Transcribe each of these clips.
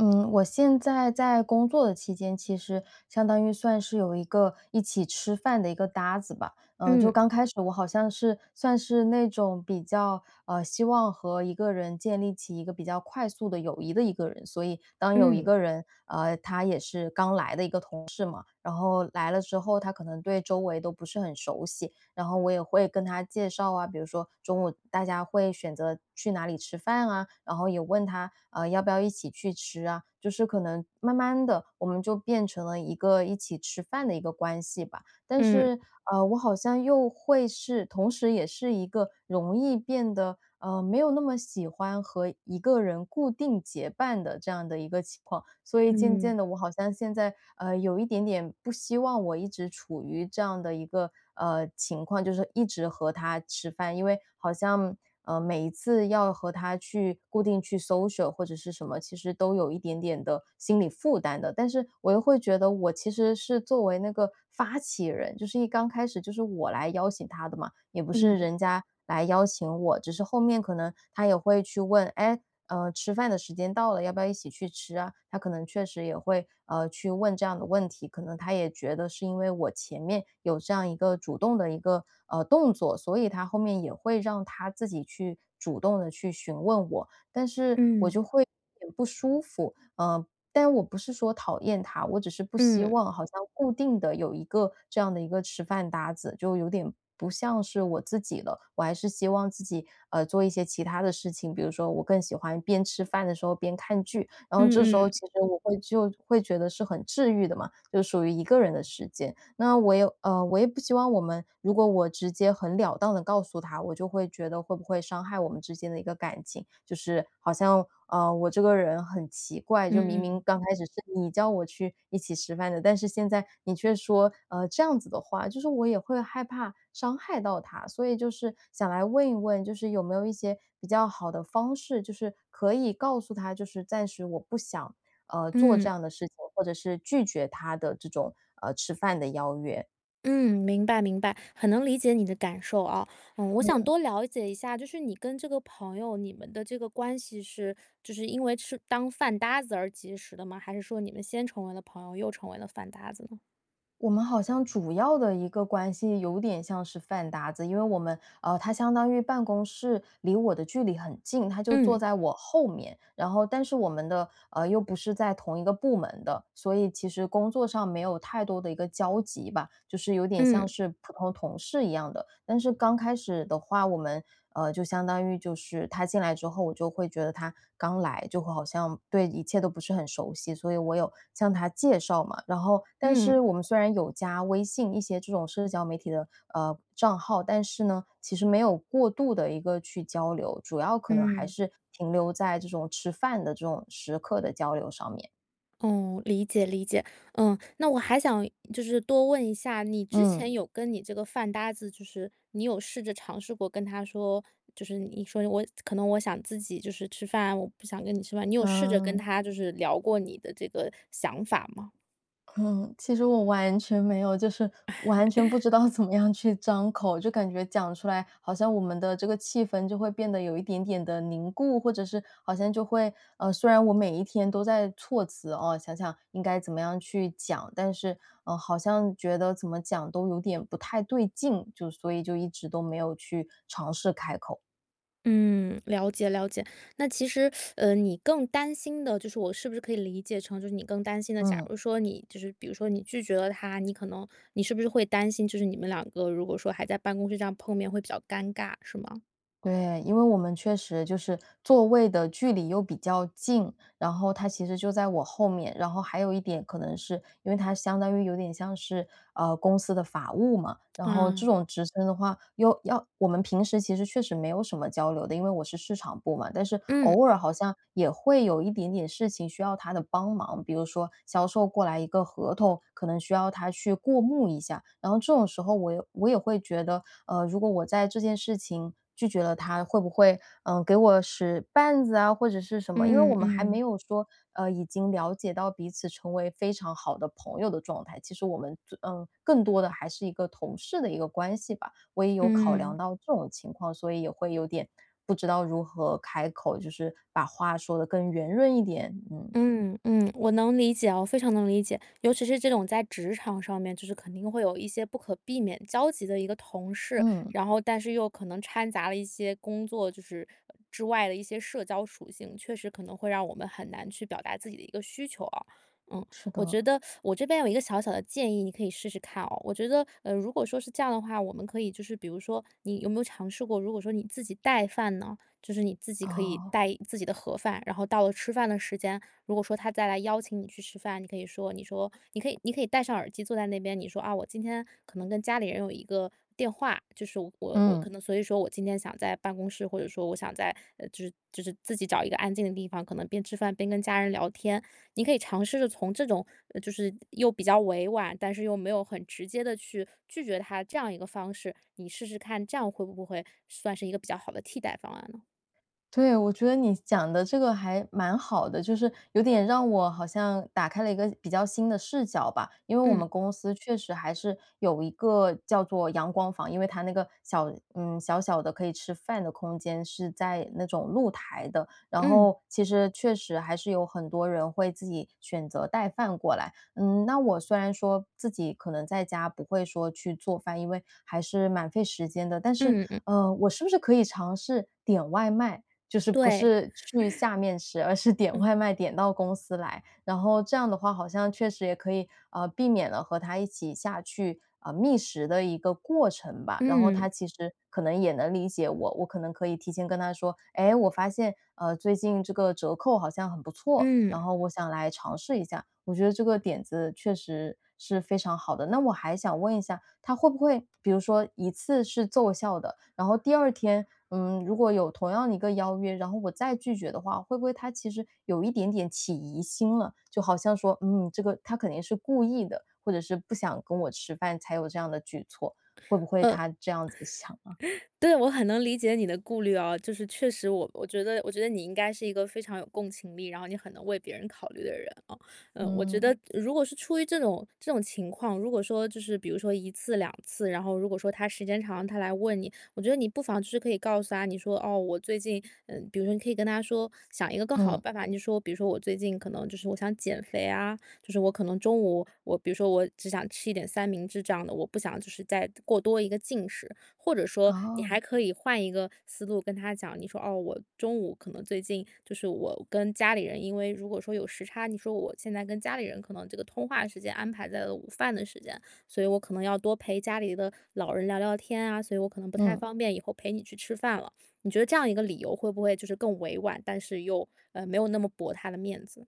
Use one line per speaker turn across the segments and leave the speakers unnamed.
嗯，我现在在工作的期间，其实相当于算是有一个一起吃饭的一个搭子吧。呃，就
嗯。
刚开始我好像是算是那种比较，呃，希望和一个人建立起一个比较快速的友谊的一个人。所以当有一
嗯。
个人，呃，他也是刚来的一个同事嘛，然后来了之后，他可能对周围都不是很熟悉，然后我也会跟他介绍啊，比如说中午大家会选择去哪里吃饭啊，然后也问他：“啊，要不要一起去吃啊？”就是可能慢慢地，我们就变成了一个一起吃饭的一个关系吧。但
嗯。
是，啊，我好像又会是同时也是一个容易变得，呃，没有那么喜欢和一个人固定结伴的，这样的一个情况。所以渐
嗯。
渐地我好像现在，呃，有一点点不希望我一直处于这样的一个，呃，情况，就是一直和他吃饭。因为好像呃，每一次要和他去固定去 social 或者是什么，其实都有一点点的心理负担的。但是我又会觉得，我其实是作为那个发起人，就是一刚开始就是我来邀请他的嘛，也不是
嗯。
人家来邀请我，只是后面可能他也会去问：“哎呃，吃饭的时间到了，要不要一起去吃啊？”他可能确实也会，呃，去问这样的问题。可能他也觉得是因为我前面有这样一个主动的一个，呃，动作，所以他后面也会让他自己去主动地去询问我。但是我
嗯。
就会有点不舒服，啊，但我不是说讨厌他，我只是不希
嗯。
望好像固定的，有一个这样的一个吃饭搭子，就有点不像是我自己了。我还是希望自己，呃，做一些其它的事情，比如说我更喜欢边吃饭的时候边看剧。然后
嗯，
这时候
嗯。
其实我会就会觉得是很治愈的嘛，就属于一个人的时间。那我也呃，我也不希望我们如果我直接很了当地告诉他，我就会觉得会不会伤害我们之间的一个感情。就是好像，啊，我这个人很奇怪，就明明
嗯。
刚开始是你叫我去一起吃饭的，但是现在你却说，呃，这样子的话，就是我也会害怕伤害到他。所以就是想来问一问，就是有没有一些比较好的方式，就是可以告诉他，就是暂时我不想，呃，做这
嗯。
样的事情，或者是拒绝他的这种，呃，吃饭的邀约。
嗯，明白，明白，很能理解你的感受，啊。嗯，我想
嗯。
多了解一下，就是你跟这个朋友，你们的这个关系是就是因为就是当饭搭子而结识的吗？还是说你们先成为了朋友，又成为了饭搭子呢？
我们好像主要的一个关系有点像是饭搭子，因为我们呃，他相当于办公室离我的距离很近，他就坐
嗯。
在我后面。然后但是我们的呃，又不是在同一个部门的，所以其实工作上没有太多的一个交集吧，就是有点像
嗯。
是普通同事一样的。但是刚开始的话，我们呃，就相当于就是他进来之后，我就会觉得他刚来，就会好像对一切都不是很熟悉。所以我有向他介绍嘛，然后但是
嗯。
我们虽然有加微信一些这种社交媒体的，呃，账号，但是呢，其实没有过度地一个去交流，主要可能还
嗯。
是停留在这种吃饭的这种时刻的交流上面。
哦，理解，理解。嗯，那我还想就是多问一下，你之
嗯。
前有跟你这个饭搭子就是你有试着尝试过跟他说就是你说：“我可能我想自己就是吃饭，我不想跟你吃饭。”你有试着跟
啊。
他就是聊过你的这个想法吗？
嗯，其实我完全没有，就是完全不 知道怎么样去张口。就感觉讲出来，好像我们的这个气氛就会变得有一点点地凝固。或者是好像就会呃，虽然我每一天都在措辞，哦，想想应该怎么样去讲。但是，嗯，好像觉得怎么讲都有点不太对劲，就所以就一直都没有去尝试开口。
嗯，了解，了解。那其实，呃，你更担心的就是我是不是可以理解成就是你更担心的假
嗯。
如说你就是比如说你拒绝了他，你可能你是不是会担心就是你们两个如果说还在办公室这样碰面会比较尴尬，是吗？
对，因为我们确实就是座位的距离又比较近。然后他其实就在我后面，然后还有一点可能是因为他相当于有点像是，呃，公司的法务嘛，然后这
嗯。
种职称的话又要我们平时其实确实没有什么交流的，因为我是市场部嘛，但是
嗯。
偶尔好像也会有一点点事情需要他的帮忙。比如说销售过来一个合同，可能需要他去过目一下。然后这种时候我也我也会觉得，呃，如果我在这件事情拒绝了他，会不会，呃，给我使绊子啊或者是什么。因为我
嗯，
们还没
嗯。
有说，呃，已经了解到彼此成为非常好的朋友的状态。其实我们最呃，更多的还是一个同事的一个关系吧，我也有考量
嗯。
到这种情况，所以也会有点不知道如何开口，就是把话说得更圆润一点。嗯。
嗯，嗯，我能理解哦，非常能理解。尤其是这种在职场上面，就是肯定会有一些不可避免交集的一个同事。
嗯。
然后但是又可能掺杂了一些工作，就是呃，之外的一些社交属性，确实可能会让我们很难去表达自己的一个需求啊。嗯，
是
我
的。
觉得 我这边有一个小小的建议，你可以试试看哦。我觉得呃，如果说是这样的话，我们可以就是比如说你有没有尝试过如果说你自己带饭呢？就是你自己可以
哦。
带一自己的盒饭，然后到了吃饭的时间，如果说他再来邀请你去吃饭，你可以说你说你可以你可以戴上耳机坐在那边。你说：“啊，我今天可能跟家里人有一个电话。就是我我可
嗯。
能所以说我今天想在办公室。”或者说：“我想在嗯，就是就是自己找一个安静的地方，可能边吃饭边跟家人聊天。“你可以尝试着从这种就是又比较委婉，但是又没有很直接地去拒绝他这样一个方式。你试试看，这样会不会算是一个比较好的替代方案呢？
对，我觉得你讲的这个还蛮好的，就是有点让我好像打开了一个比较新的视角吧。因为我们
嗯。
公司确实还是有一个叫做阳光房，因为它那个小，嗯，小小的可以吃饭的空间，是在那种露台的，然
嗯。
后其实确实还是有很多人会自己选择带饭过来。嗯，那我虽然说自己可能在家不会说去做饭，因为还是蛮费时间的。但是，
嗯嗯。
呃，我是不是可以尝试点外卖，就是不
对。
是去 下面吃，而是点
嗯。
外卖点到公司来，然后这样的话好像确实也可以，呃，避免了和他一起下去，呃，觅食的一个过程吧。然后
嗯。
他其实可能也能理解我，我可能可以提前跟他说，哎，我发现，呃，最近这个折扣好像很不错，
嗯。
然后我想来尝试一下。我觉得这个点子确实是非常好的。那我还想问一下，他会不会比如说一次是奏效的，然后第2天，呃，如果有同样的一个邀约，然后我再拒绝的话，会不会他其实有一点点起疑心了？就好像说，嗯，这个她肯定是故意的，或者是不想跟我吃饭，才有这样的举措，会不会
呃。
他这样子想啊？
对，我很能理解你的顾虑啊。就是确实我我觉得我觉得你应该是一个非常有共情力，然后你很能为别人考虑的人啊，呃，我觉得
嗯。
如果是出于这种这种情况，如果说就是比如说1次2次，然后如果说他时间长了，他来问你，我觉得你不妨就是可以告诉他，你说哦，我最近，呃，比如说你可以跟他说，想一个更好的
嗯。
办法。你说比如说我最近可能就是我想减肥啊，就是我可能中午我比如说我只想吃一点三明治这样的，我不想就是再过多一个进食。或者说你
哦。
还可以换一个思路跟他讲，你说哦，我中午可能最近就是我跟家里人，因为如果说有时差，你说我现在跟家里人可能这个通话时间安排在了午饭的时间，所以我可能要多陪家里的老人聊聊天啊，所以我可能不太
嗯。
方便以后陪你去吃饭了。你觉得这样一个理由会不会就是更委婉，但是又，呃，没有那么驳他的面子？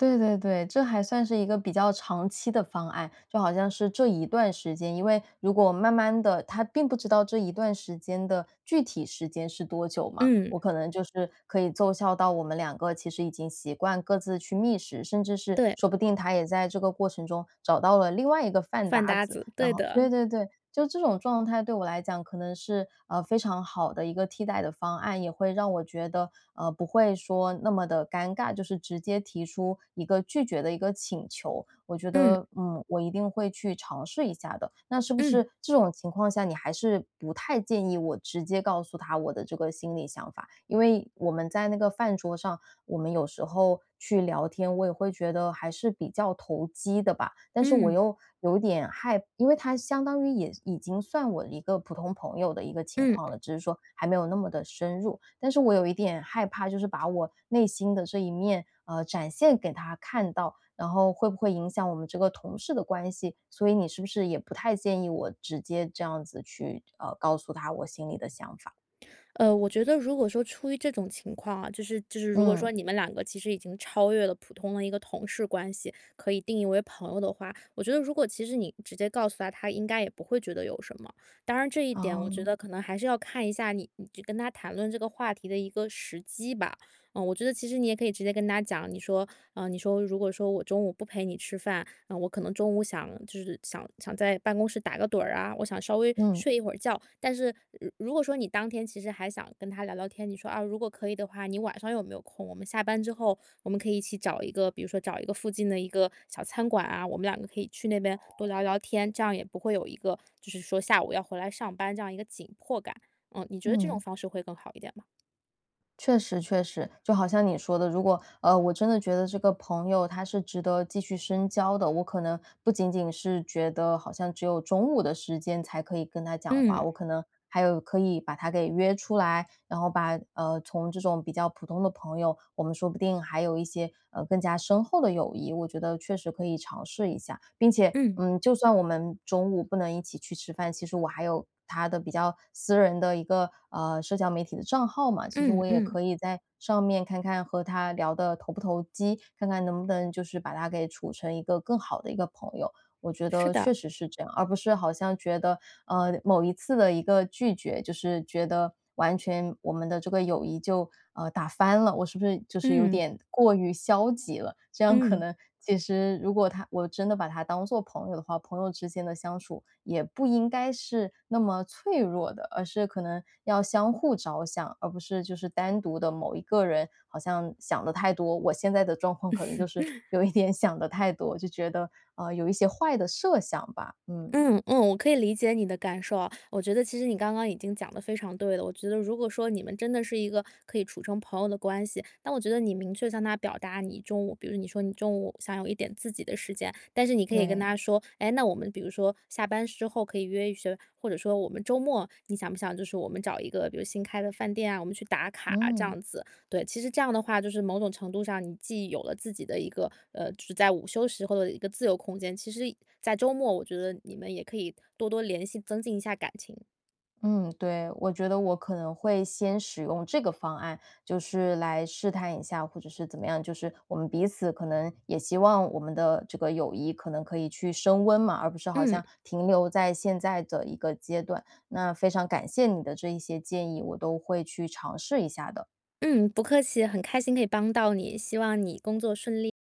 对对对，这还算是一个比较长期的方案。就好像是这一段时间，因为如果慢慢地他并不知道这一段时间的具体时间是多久嘛，
嗯。
我可能就是可以奏效到我们2个其实已经习惯各自去觅食，甚至是
对。
说不定他也在这个过程中找到了另外一个饭
饭
搭
搭
子。
子，
然
对
后
的。
对对对，就这种状态对我来讲可能是，呃，非常好的一个替代的方案，也会让我觉得，呃，不会说那么地尴尬就是直接提出一个拒绝的一个请求。我觉
嗯。
得，呃，我一定会去尝试一下的。那是不
嗯。
是这种情况下，你还是不太建议我直接告诉他我的这个心里想法？因为我们在那个饭桌上，我们有时候去聊天，我也会觉得还是比较投机的吧。但是我
嗯。
又有点害因为他相当于也已经算我的一个普通朋友的一个情
嗯。
况了，只是说还没有那么地深入。但是我有一点害怕，就是把我内心的这一面，呃，展现给他看到，然后会不会影响我们这个同事的关系？所以你是不是也不太建议我直接这样子去，呃，告诉他我心里的想法？
呃，我觉得如果说出于这种情况啊，就是就是如果
嗯。
说你们2个其实已经超越了普通的一个同事关系，可以定义为朋友的话，我觉得如果其实你直接告诉他，他应该也不会觉得有什么。当然这一点，我觉
哦。
得可能还是要看一下你你跟他谈论这个话题的一个时机吧。嗯，我觉得其实你也可以直接跟他讲，你说呃，你说：“如果说我中午不陪你吃饭，呃，我可能中午想就是想想在办公室打个盹儿啊，我想稍微
嗯。
睡一会儿觉。”但是如如果说你当天其实还想跟他聊聊天，你说：“啊，如果可以的话，你晚上有没有空？我们下班之后，我们可以一起找一个比如说找一个附近的一个小餐馆啊，我们2个可以去那边多聊
哦。
聊天，这样也不会有一个就是说下午要回来上班这样一个紧迫感。”嗯，你觉得这种
嗯。
方式会更好一点吗？
确实确实，就好像你说的。如果，呃，我真的觉得这个朋友他是值得继续深交的，我可能不仅仅是觉得好像只有中午的时间才可以跟他讲话，
嗯。
我可能还有可以把他给约出来，然后把呃，从这种比较普通的朋友，我们说不定还有一些，呃，更加深厚的友谊。我觉得确实可以尝试一下，并且，
嗯。
嗯，就算我们中午不能一起去吃饭，其实我还有他的比较私人的一个，呃，社交媒体的账号嘛。其实
嗯
我也
嗯。
可以在上面看看和他聊得投不投机，看看能不能就是把他给处成一个更好的一个朋友。我觉
是
得
的。
确实是这样，而不是好像觉得，呃，某一次的一个拒绝，就是觉得完全我们的这个友谊就，呃，打翻了。我是不是就是有
嗯。
点过于消极了，这样可
嗯。
能其实如果他我真的把他当做朋友的话，朋友之间的相处也不应该是那么脆弱的，而是可能要相互着想，而不是就是单独的某一个人好像想得太多。我现在的状况可能就是有 一点想得太多，就觉得啊，有一些坏的设想吧。嗯。
嗯嗯，我可以理解你的感受啊，我觉得其实你刚刚已经讲得非常对了。我觉得如果说你们真的是一个可以处成朋友的关系，那我觉得你明确向他表达你中午，比如你说你中午想有一点自己的时间，但是你可以跟
对。
他说，哎，那我们比如说下班之后可以约一约，或者说我们周末，你想不想就是我们找一个，比如新开的饭店啊，我们去打卡这
嗯。
样子。对，其实这样的话，就是某种程度上，你既有了自己的一个，呃，只在午休时候的一个自由空间，其实在周末，我觉得你们也可以多多联系，增进一下感情。
嗯，对，我觉得我可能会先使用这个方案，就是来试探一下，或者是怎么样，就是我们彼此可能也希望我们的这个友谊可能可以去升温嘛，而不是好
嗯。
像停留在现在的一个阶段。那非常感谢你的这一些建议，我都会去尝试一下的。
嗯，不客气，很开心可以帮到你，希望你工作顺利！